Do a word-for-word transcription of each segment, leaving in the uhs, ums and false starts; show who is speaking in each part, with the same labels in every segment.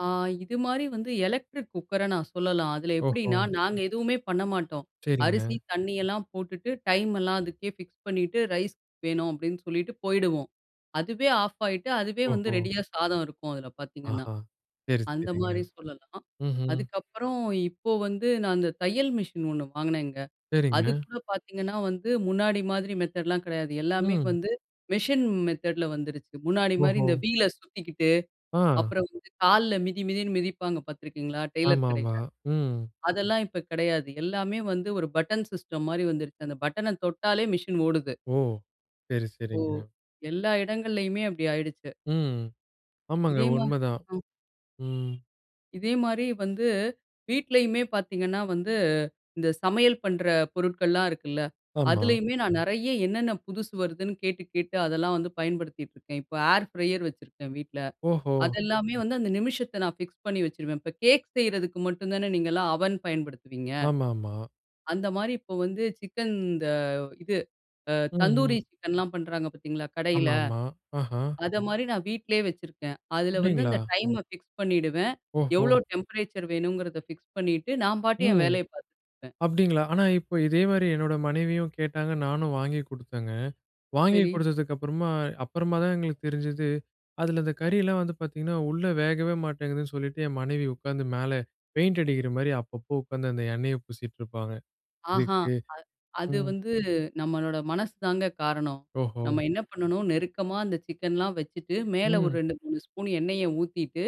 Speaker 1: ஆ இது மாரி வந்து எலக்ட்ரிக் குக்கர நான் சொல்லலாம். அதில எப்படின்னா,
Speaker 2: ஓஹோ!
Speaker 1: நாங்க எதுவுமே பண்ண மாட்டோம்.
Speaker 2: சரிங்க.
Speaker 1: அரிசி தண்ணியெல்லாம் போட்டுட்டு, டைம் எல்லாம் அதுக்கே ஃபிக்ஸ் பண்ணிட்டு, ரைஸ் வேணும் அப்டின்னு சொல்லிட்டு, போயிடுவோம். அதுவே ஆஃப் ஆயிட்டு, அதுவே வந்து
Speaker 2: ஓஹோ!
Speaker 1: ரெடியா சாதம் இருக்கும் அதில பாத்தீங்கன்னா.
Speaker 2: ஆஹா! சரி
Speaker 1: அந்த
Speaker 2: சரிங்க.
Speaker 1: மாரி சொல்லலாம்.
Speaker 2: ம்ஹ்ம்.
Speaker 1: அதுக்கப்புறம் இப்போ வந்து நான் அந்த தையல் மிஷின் ஒண்ணு வாங்கினேங்க,
Speaker 2: சரிங்க.
Speaker 1: அதுக்கூட பாத்தீங்கன்னா, வந்து முன்னாடி மாதிரி மெத்தட்லாம் கெடையாது. எல்லாமே
Speaker 2: ம்!
Speaker 1: வந்து, மெஷின் மெத்தட்ல வந்துருச்சு. முன்னாடி மாரி
Speaker 2: ஓஹோ,
Speaker 1: இந்த வீல் அ சுத்திக்கிட்டு,
Speaker 2: ஆ!
Speaker 1: அப்புறம் வந்து கால்ல மிதி மிதின்னு மிதிப்பாங்க பாத்துருக்கீங்களா? டெய்லர்
Speaker 2: ஆமா ஆமா.
Speaker 1: கடையில.
Speaker 2: ம்.
Speaker 1: அதெல்லாம் இப்ப கிடையாது. எல்லாமே வந்து ஒரு பட்டன் சிஸ்டம் மாரி வந்துருச்சு. அந்த பட்டன தொட்டாலே மிஷின் ஓடுது.
Speaker 2: ஓ! சரி
Speaker 1: ஓ!
Speaker 2: சரிங்க.
Speaker 1: எல்லா இடங்கள்லயுமே அப்டி ஆயிடுச்சு.
Speaker 2: ம் ஆமாங்க
Speaker 1: இதே மா
Speaker 2: உண்மைதான்.
Speaker 1: அ
Speaker 2: ம்.
Speaker 1: இதே மாரி வந்து, வீட்லயுமே பாத்தீங்கன்னா, வந்து இந்த சமையல் பண்ற பொருட்கள்லாம் இருக்குல்ல!
Speaker 2: ஆமா.
Speaker 1: அதுலயுமே நான் நெறைய என்னென்ன புதுசு வருதுன்னு கேட்டு கேட்டு, அதெல்லாம் வந்து பயன்படுத்திட்ருக்கேன். இப்போ ஏர் ஃப்ரையர் வச்சிருக்கேன் வீட்ல.
Speaker 2: ஓஹோ!
Speaker 1: அத எல்லாமே வந்து அந்த நிமிஷத்த நான் ஃபிக்ஸ் பண்ணி வச்சுருவேன். இப்போ கேக் செய்றதுக்கு மட்டும் தானே நீங்கலாம் அவன் பயன்படுத்துவீங்க!
Speaker 2: ஆமா ஆமா.
Speaker 1: அந்த மாரி இப்போ வந்து, சிக்கன் இந்த இது, அ தந்தூரி
Speaker 2: ம்.
Speaker 1: சிக்கன்லாம் பண்றாங்க பாத்தீங்களா கடையில.
Speaker 2: ஆமா ஆமா. ஆஹா!
Speaker 1: அத மாரி நான் வீட்லயே வச்சிருக்கேன். அதில வந்து
Speaker 2: அப்டிங்களா?
Speaker 1: அந்த டைம ஃபிக்ஸ் பண்ணிடுவேன்.
Speaker 2: ஓஹோ!
Speaker 1: எவ்வளோ டெம்பரேச்சர் வேணுங்கிறத ஃபிக்ஸ் பண்ணிட்டு, நான் பாட்டுக்கு என்
Speaker 2: ம்
Speaker 1: வேலைய பாத்துட்ருப்பேன்.
Speaker 2: அப்டிங்களா? ஆனா, இப்போ இதே மாரி என்னோட மனைவியும் கேட்டாங்க. நானும் வாங்கி குடுத்தேங்க. வாங்கி
Speaker 1: சரி.
Speaker 2: குடுத்ததுக்கு அப்புறமா அப்புறமா தான் எங்களுக்கு தெரிஞ்சுது, அதில அந்த கறியெல்லாம் வந்து பாத்தீங்கன்னா, உள்ளே வேகவே மாட்டேங்குதுன்னு சொல்லிட்டு, என் மனைவி உக்காந்து மேல பெயிண்ட் அடிக்கிற மாரி அப்பப்போ உக்காந்து அந்த எண்ணெய பூசிக்கிட்டு இருப்பாங்க
Speaker 1: அஹான்,
Speaker 2: இதுக்கு.
Speaker 1: அ அது
Speaker 2: ம்.
Speaker 1: வந்து, நம்மளோட மனசு தாங்க காரணம்.
Speaker 2: ஓஹோ!
Speaker 1: நம்ம என்ன பண்ணணும்? நெருக்கமா அந்த சிக்கன்லாம் வச்சுட்டு, மேலே ஒரு
Speaker 2: ம்.
Speaker 1: ரெண்டு மூணு ஸ்பூன் எண்ணெய ஊத்திட்டு,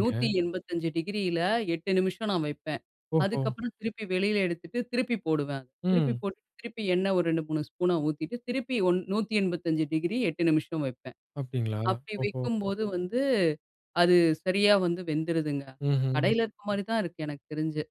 Speaker 1: நூத்தி என்பதஞ்சு டிகிரில எட்டு நிமிஷம் நான் வைப்பேன்.
Speaker 2: ஓஹோ!
Speaker 1: அதுக்கப்புறம் திருப்பி வெளியில எடுத்துட்டு, திருப்பி போடுவேன். திருப்பி
Speaker 2: ம்.
Speaker 1: போட்டுட்டு, திருப்பி எண்ணெய் ஒரு ரெண்டு மூணு ஸ்பூன் ஊத்திட்டு திருப்பி ஒ நூததி என்பத்தஞ்சு டிகிரி எட்டு நிமிஷம் வைப்பேன்.
Speaker 2: அப்டிங்களா?
Speaker 1: அப்படி
Speaker 2: ஓஹோ!
Speaker 1: வைக்கும்போது வந்து, அது சரியா வந்து வெந்துருதுங்க.
Speaker 2: ம்ஹ்ம்.
Speaker 1: கடையில இருக்க மாரி தான் இருக்கு எனக்கு தெரிஞ்சு.